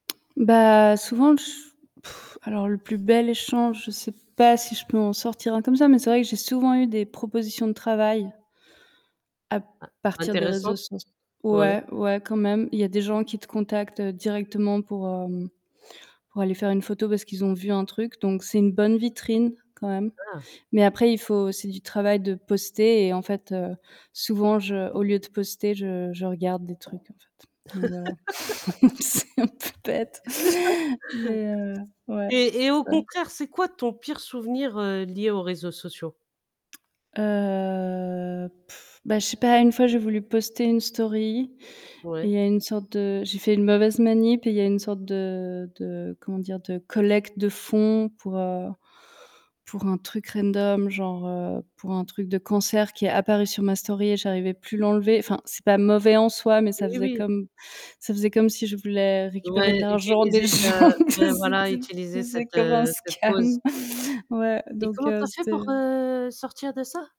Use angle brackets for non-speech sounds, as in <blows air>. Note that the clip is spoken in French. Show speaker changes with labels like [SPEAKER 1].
[SPEAKER 1] Bah, souvent <blows air> alors, le plus bel échange, je sais pas si je peux en sortir un comme ça, mais c'est vrai que j'ai souvent eu des propositions de travail à
[SPEAKER 2] In
[SPEAKER 1] partir des réseaux
[SPEAKER 2] intéressante.
[SPEAKER 1] soc
[SPEAKER 2] Ouais.
[SPEAKER 1] ouais ouais quand même, il y a des gens qui te contactent directement pour, hem, pour aller faire une photo parce qu'ils ont vu un truc, donc c'est une bonne vitrine quand même.
[SPEAKER 2] Ah!
[SPEAKER 1] Mais après, il faut, c'est du travail de poster et en fait, heu, souvent, je au lieu de poster, je je regarde des trucs en fait. Donc voilà, <laughs> c'est un peu bête
[SPEAKER 2] <laughs>
[SPEAKER 1] mais heu, ouais,
[SPEAKER 2] Et et
[SPEAKER 1] c'est
[SPEAKER 2] au
[SPEAKER 1] ça.
[SPEAKER 2] contraire, c'est quoi ton pire souvenir, heu, lié aux réseaux sociaux?
[SPEAKER 1] Heu, <blows air> ben, je sais pas, une fois, j'ai voulu poster une story, et il
[SPEAKER 2] Ouais.
[SPEAKER 1] y a une sorte de j'ai fait une mauvaise manip et il y a une sorte de de, comment dire? De collecte de fonds pour, heu, pour un truc random genre, heu, pour un truc de cancer qui est apparu sur ma story et j'arrivais plus l'enlever. Enfin, c'est pas mauvais en soi, mais ça
[SPEAKER 2] Oui,
[SPEAKER 1] faisait
[SPEAKER 2] oui.
[SPEAKER 1] comme ça faisait comme si je voulais récupérer de
[SPEAKER 2] Ouais,
[SPEAKER 1] l'argent des
[SPEAKER 2] utilisez, heu,
[SPEAKER 1] gens, tu sait,
[SPEAKER 2] ouais
[SPEAKER 1] que
[SPEAKER 2] voilà,
[SPEAKER 1] c'était
[SPEAKER 2] utilisez
[SPEAKER 1] c'était
[SPEAKER 2] cette,
[SPEAKER 1] comme un
[SPEAKER 2] heu, cette cause.
[SPEAKER 1] scam. <laughs> Ouais,
[SPEAKER 2] Et
[SPEAKER 1] donc
[SPEAKER 2] comment tu
[SPEAKER 1] heu,
[SPEAKER 2] as fait pour,
[SPEAKER 1] c'était
[SPEAKER 2] heu, sortir de ça?